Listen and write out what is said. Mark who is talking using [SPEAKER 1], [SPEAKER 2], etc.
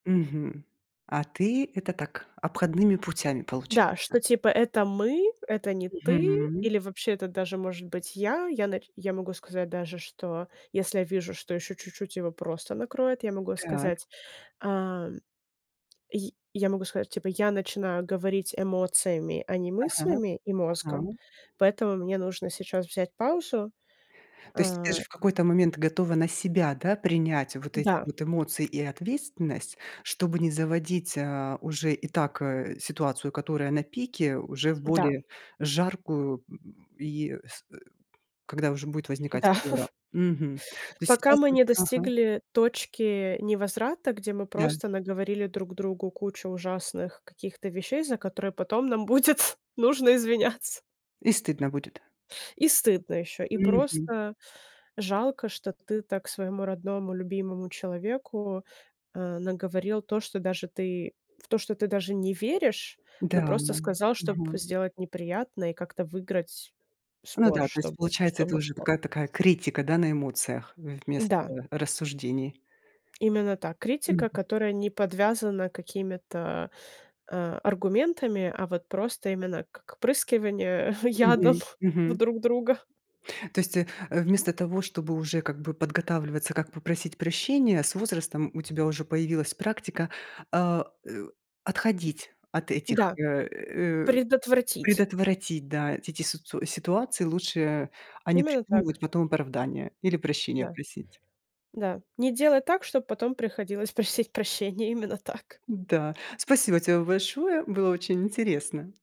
[SPEAKER 1] Мгм. А ты, это так, обходными путями,
[SPEAKER 2] Да,
[SPEAKER 1] получается?
[SPEAKER 2] что типа это мы, это не ты,
[SPEAKER 1] Мгм.
[SPEAKER 2] или вообще это даже может быть я. Я нач я могу сказать даже, что если я вижу, что ещё чуть-чуть его просто накроет, я могу
[SPEAKER 1] Так.
[SPEAKER 2] сказать, а, й я могу сказать, типа, я начинаю говорить эмоциями, а не
[SPEAKER 1] Ага,
[SPEAKER 2] мыслями и мозгом,
[SPEAKER 1] ага.
[SPEAKER 2] поэтому мне нужно сейчас взять паузу.
[SPEAKER 1] То есть ты
[SPEAKER 2] А
[SPEAKER 1] даже в какой-то момент готова на себя, да, принять вот эти
[SPEAKER 2] Да.
[SPEAKER 1] вот эмоции и ответственность, чтобы не заводить, а, уже и так, э, ситуацию, которая на пике, уже в
[SPEAKER 2] Да.
[SPEAKER 1] более жаркую, м и с э, когда уже будет возникать
[SPEAKER 2] Да.
[SPEAKER 1] ссора. Мгм. То есть
[SPEAKER 2] Пока
[SPEAKER 1] сейчас
[SPEAKER 2] мы
[SPEAKER 1] ты уже
[SPEAKER 2] не
[SPEAKER 1] ага.
[SPEAKER 2] достигли точки невозврата, где мы,
[SPEAKER 1] Да.
[SPEAKER 2] просто, наговорили друг другу кучу ужасных каких-то вещей, за которые, потом, нам будет нужно извиняться.
[SPEAKER 1] И стыдно будет.
[SPEAKER 2] И стыдно ещё, и
[SPEAKER 1] Мгм.
[SPEAKER 2] просто жалко, что ты так своему родному, любимому человеку, э, наговорил то, что даже ты в то, что ты даже не веришь,
[SPEAKER 1] Да,
[SPEAKER 2] но просто сказал, чтоб
[SPEAKER 1] ага.
[SPEAKER 2] сделать неприятное и как-то выиграть
[SPEAKER 1] Ну
[SPEAKER 2] спор,
[SPEAKER 1] да. То есть,
[SPEAKER 2] чтобы.
[SPEAKER 1] получается, это
[SPEAKER 2] Чтобы
[SPEAKER 1] уже
[SPEAKER 2] что?
[SPEAKER 1] такая такая критика, да, на эмоциях- вместо
[SPEAKER 2] Да.
[SPEAKER 1] рассуждений.
[SPEAKER 2] Именно та
[SPEAKER 1] Мгм.
[SPEAKER 2] критика, которая не подвязана какими-то, а, аргументами, а вот просто, именно как прыскивание ядом
[SPEAKER 1] Мгм
[SPEAKER 2] в
[SPEAKER 1] мгм.
[SPEAKER 2] друг друга.
[SPEAKER 1] То есть, э э, вместо того, чтобы уже, как бы, подготавливаться, как попросить прощения, с возрастом у тебя уже появилась практика, а, э, отходить от этих,
[SPEAKER 2] Да.
[SPEAKER 1] э э
[SPEAKER 2] Предотвратить.
[SPEAKER 1] предотвратить, да, эти ти сицу ситуации. Лучше, а а, не
[SPEAKER 2] Именно
[SPEAKER 1] придумывать
[SPEAKER 2] так.
[SPEAKER 1] потом оправдания или прощение
[SPEAKER 2] Да.
[SPEAKER 1] просить.
[SPEAKER 2] Да, не делать так, чтоб потом приходилось просить прощения, именно так.
[SPEAKER 1] Да. Спасибо тебе большое, было очень интересно.